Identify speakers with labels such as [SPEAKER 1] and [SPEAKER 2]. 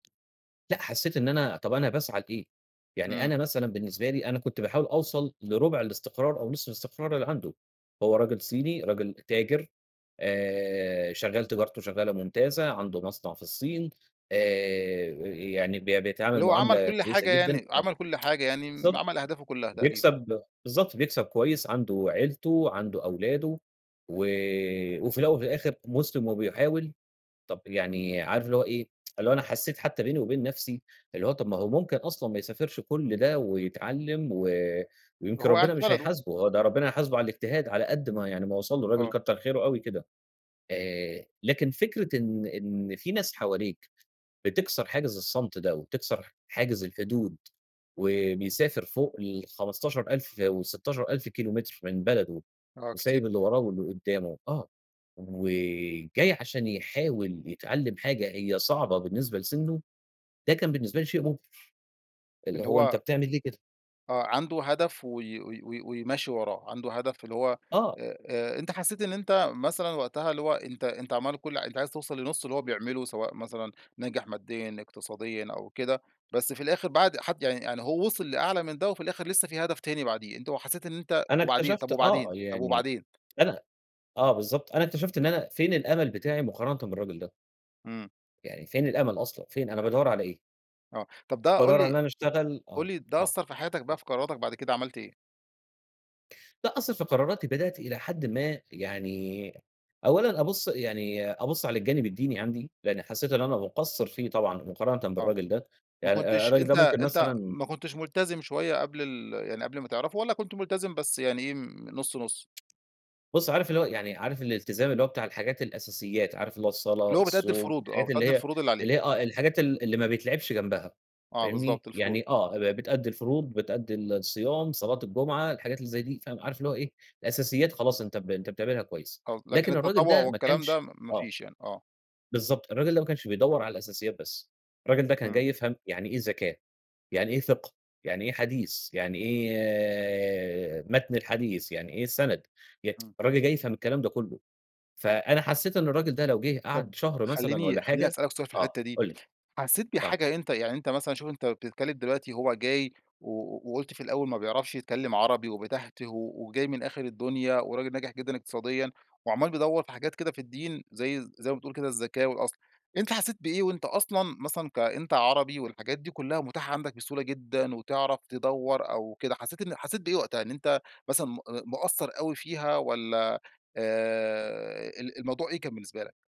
[SPEAKER 1] لأ حسيت إن أنا طَب أنا باسعى لإيه؟ يعني
[SPEAKER 2] إمم.
[SPEAKER 1] أنا مثلًا بالنسبة لي أنا كنت باحاول أوصل لرُبع الاستقرار أو نصف الاستقرار اللي عنده، هو راجل صيني راجل تاجر آآ، شغال تجارته شغالة ممتازة، عنده مصنع في الصين آآ، يعني ب بيتعامل
[SPEAKER 2] اللي هو عمل
[SPEAKER 1] معاملة
[SPEAKER 2] كل
[SPEAKER 1] كويسة
[SPEAKER 2] حاجة
[SPEAKER 1] جدًا،
[SPEAKER 2] يعني
[SPEAKER 1] ما
[SPEAKER 2] عمل كل حاجة يعني،
[SPEAKER 1] بالضبط،
[SPEAKER 2] عمل أهدافه كلّها تقريبًا.
[SPEAKER 1] بيكسب بالضبط، بيكسب كويس عنده عيلته، عنده أولاده وآآ، وفي الأول وفي الآخر مسلم وبيحاول، طَب يعني عارف اللي هو إيه، اللي هو أنا حسيت حتى بيني وبين نَفسي، اللي هو طَب ما هو ممكن أصلًا ما يسافرش كل ده ويتعلّم و ويمكن
[SPEAKER 2] وهو قاعد
[SPEAKER 1] ربنا
[SPEAKER 2] في
[SPEAKER 1] مش
[SPEAKER 2] بلده.
[SPEAKER 1] هيحاسبُه، هو ده ربنا هيحاسبُه على الاجتهاد على قد ما يعني ما وصل لُه الراجل
[SPEAKER 2] آه.
[SPEAKER 1] كتّر خيرُه أوي كده، آآ، لكن فكرة إن إن فيه ناس حواليك، بتِكسَر حاجز الصمت ده، وتِكسَر حاجز الحدود و بيسافر فوق ال15000 وال16000 كيلومتر من بلده
[SPEAKER 2] آه، كتير.
[SPEAKER 1] وسايب اللي وراه واللي قُدّامه، آه، وجاي عشان يحاول يتعلّم حاجة هي صعبة بالنسبة لسنُّه، ده كان بالنسبة لي شيء مُبهِر، اللي
[SPEAKER 2] اللي
[SPEAKER 1] هو أنت
[SPEAKER 2] هو
[SPEAKER 1] بتعمل ليه كده؟
[SPEAKER 2] آه، عنده هدف و و و وماشي وراه، عنده هدف اللي هو
[SPEAKER 1] آه.
[SPEAKER 2] آآ آآ أنت حسيت إن أنت مثلًا وقتها اللي هو أنت أنت عمّال كُلّ أنت عايز توصل لنُصّ اللي هو بيعمله سواء مثلًا ناجح ماديًا، اقتصاديًا أو كده، بس في الآخر بعد حد يعني يعني هو وصل لأعلى من ده، وفي الآخر لسه فيه هدف تاني بعديه، أنت حسيت إن أنت
[SPEAKER 1] أنا
[SPEAKER 2] وبعدين؟
[SPEAKER 1] اكتشفت
[SPEAKER 2] طَب
[SPEAKER 1] آه،
[SPEAKER 2] وبعدين، طَب
[SPEAKER 1] يعني
[SPEAKER 2] وبعدين.
[SPEAKER 1] أنا آه بالضبط أنا اكتشفت إن أنا فين الأمل بتاعي مقارنةً بالراجل ده؟
[SPEAKER 2] إمم.
[SPEAKER 1] يعني فين الأمل أصلًا! فين أنا بادوّر على إيه؟
[SPEAKER 2] آه، طَب ده قُل
[SPEAKER 1] بادوّر على إن
[SPEAKER 2] لي
[SPEAKER 1] أنا اشتغل
[SPEAKER 2] قُل
[SPEAKER 1] آه،
[SPEAKER 2] لي ده
[SPEAKER 1] آه،
[SPEAKER 2] أثَّر في حياتك بقى
[SPEAKER 1] [unintelligible]
[SPEAKER 2] في قراراتك بعد كده عملت إيه؟
[SPEAKER 1] لأ أثّر في قراراتي بدأت إلى حدٍ ما يعني أولًا، أبُصّ يعني أبُصّ على الجانب الديني عندي، لأني حسيت إن أنا مقصِّر فيه طبعًا مقارنةً
[SPEAKER 2] آه،
[SPEAKER 1] بالراجل ده،
[SPEAKER 2] ما
[SPEAKER 1] يع
[SPEAKER 2] كنتش
[SPEAKER 1] الراجل
[SPEAKER 2] أنت
[SPEAKER 1] ده ممكن
[SPEAKER 2] أنت
[SPEAKER 1] مثلًا
[SPEAKER 2] ما كنتش ملتزم شوية قبل ال يعني قبل ما تعرفُه والَّا كنت ملتزم بس يعني إيه نُصّ نُصّ؟
[SPEAKER 1] بُصّ، عارف اللي هو يعني عارف الالتزام اللي هو بتاع الحاجات الأساسيات، عارف اللي هو الصلاة،
[SPEAKER 2] اللي هو بتأدي
[SPEAKER 1] الصوم
[SPEAKER 2] الفروض، آه،
[SPEAKER 1] الحاجات اللي
[SPEAKER 2] بتأدي
[SPEAKER 1] هي
[SPEAKER 2] الفروض اللي عليك.
[SPEAKER 1] اللي هي آه، الحاجات ال اللي ما بيتلعبش جنبها،
[SPEAKER 2] آه،
[SPEAKER 1] فاهمني،
[SPEAKER 2] بالضبط، الفروض.
[SPEAKER 1] يعني آه ب بتأدي الفروض، بتأدي الصيام، صلاة الجمعة، الحاجات اللي زي دي فاهم، عارف اللي هو إيه، الأساسيات خلاص أنت ب أنت بتعملها كويس
[SPEAKER 2] [unintelligible] لكن
[SPEAKER 1] لكن الراجل
[SPEAKER 2] التطوع
[SPEAKER 1] ده ما
[SPEAKER 2] والكلام ده،
[SPEAKER 1] كانش
[SPEAKER 2] ما ما
[SPEAKER 1] آه.
[SPEAKER 2] فيش يعني، آه.
[SPEAKER 1] بالضبط، الراجل ده ما كانش بيدوّر على الأساسيات بس، الراجل ده كان
[SPEAKER 2] إمم.
[SPEAKER 1] جاي يفهم يعني إيه زكاة، يعني إيه فِقْه، يعني إيه حديث، يعني
[SPEAKER 2] إمم.
[SPEAKER 1] إيه متن الحديث، يعني إيه السَنَد، ي
[SPEAKER 2] إمم.
[SPEAKER 1] الراجل جاي يفهم الكلام ده كلُّه، فأنا حسيت إن الراجل ده لو جِه
[SPEAKER 2] طَب
[SPEAKER 1] قعد شهر مثلًا،
[SPEAKER 2] خليني
[SPEAKER 1] والَّا
[SPEAKER 2] خليني
[SPEAKER 1] حاجة
[SPEAKER 2] أسألك سؤال في
[SPEAKER 1] آه
[SPEAKER 2] الحتّة دي،
[SPEAKER 1] قُل لي،
[SPEAKER 2] حسيت
[SPEAKER 1] آه.
[SPEAKER 2] بحاجة أنت يعني أنت مثلًا شوف أنت بتتكلّم دلوقتي هو جاي و وقُلت في الأول ما بيعرفش يتكلّم عربي، وبيتهتِه وجاي من آخر الدنيا، وراجل ناجح جدًا اقتصاديًا، وعمّال بيدوّر في حاجات كده في الدين، زي زي ما بتقول كده الزكاة والأصل، أنت حسيت بإيه وأنت أصلًا مثلًا كأنت عربي، والحاجات دي كلّها متاحة عندك بسهولة جدًا، وتعرف تدوّر أو كده، حسيت إن حسيت بإيه وقتها؟ إن أنت مثلًا م مقصّر أوي فيها، والَّا آآ، ال الموضوع إيه كان بالنسبة لك؟